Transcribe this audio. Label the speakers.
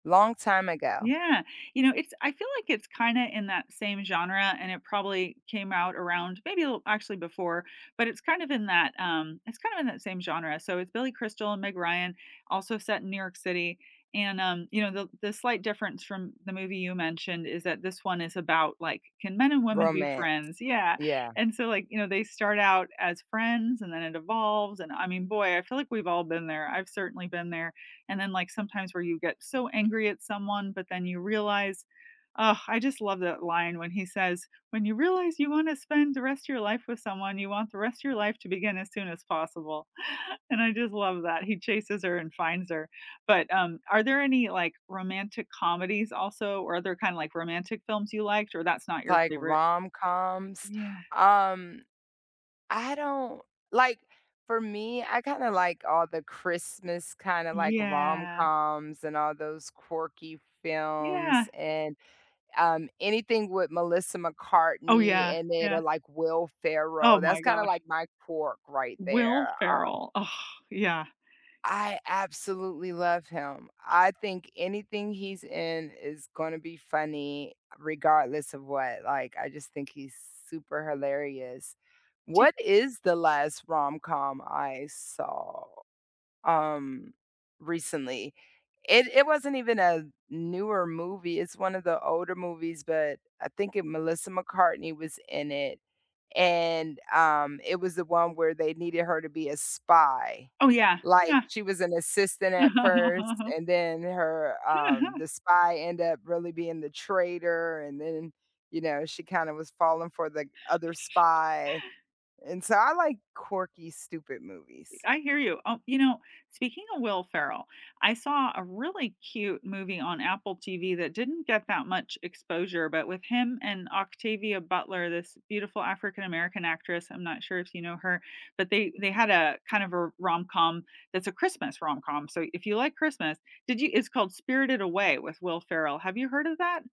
Speaker 1: Long time ago.
Speaker 2: Yeah. You know, it's I feel like it's kinda in that same genre, and it probably came out around maybe little actually before, but it's kind of in that, um it's kind of in that same genre, so it's Billy Crystal and Meg Ryan also set in New York City, and, um, you know, the the slight difference from the movie you mentioned is that this one is about, like, can men and women be
Speaker 1: Romance.
Speaker 2: friends? Yeah,
Speaker 1: Yeah.
Speaker 2: and so, like, you know, they start out as friends and then it evolves, and I mean, boy, I feel like we've all been there, I've certainly been there, and then, like, sometimes where you get so angry at someone, but then you realize Ugh, I just love that line when he says, "When you realize you wanna spend the rest of your life with someone, you want the rest of your life to begin as soon as possible," and I just love that he chases her and finds her. But, um, are there any, like, romantic comedies also, or other kinda like romantic films you liked, or that's not your
Speaker 1: Like
Speaker 2: favorite?
Speaker 1: rom-coms?
Speaker 2: Yeah.
Speaker 1: Um, I don't like, for me, I kinda like all the Christmas kinda like
Speaker 2: Yeah.
Speaker 1: rom-coms and all those quirky
Speaker 2: Yeah.
Speaker 1: films and, um, anything with Melissa
Speaker 2: Oh
Speaker 1: McCartney
Speaker 2: yeah,
Speaker 1: in it or
Speaker 2: yeah.
Speaker 1: like Will
Speaker 2: Oh
Speaker 1: Ferrell, that's
Speaker 2: my
Speaker 1: kinda like
Speaker 2: gosh.
Speaker 1: my pork right
Speaker 2: Will
Speaker 1: there, um
Speaker 2: Ferrell. Oh, yeah.
Speaker 1: I absolutely love him. I think anything he's in is gonna be funny, regardless of what, like, I just think he's super hilarious.
Speaker 2: Ch
Speaker 1: What is the last rom-com I saw, um, recently? It it wasn't even a newer movie, it's one of the older movies, but I think it Melissa McCartney was in it, and, um, it was the one where they needed her to be a spy.
Speaker 2: Oh yeah,
Speaker 1: Like,
Speaker 2: yeah.
Speaker 1: she was an assistant at first, and then her, um the spy end up really being the traitor, and then, you know, she kinda was falling for the other spy, and so I like quirky stupid movies.
Speaker 2: I hear you. Oh, you know, speaking of Will Ferrell, I saw a really cute movie on Apple TV that didn't get that much exposure, but with him and Octavia Butler, this beautiful African American actress, I'm not sure if you know her. But they they had a kind of a rom-com that's a Christmas rom-com. So if you like Christmas Did you It's called Spirited Away with Will Ferrell. Have you heard of that?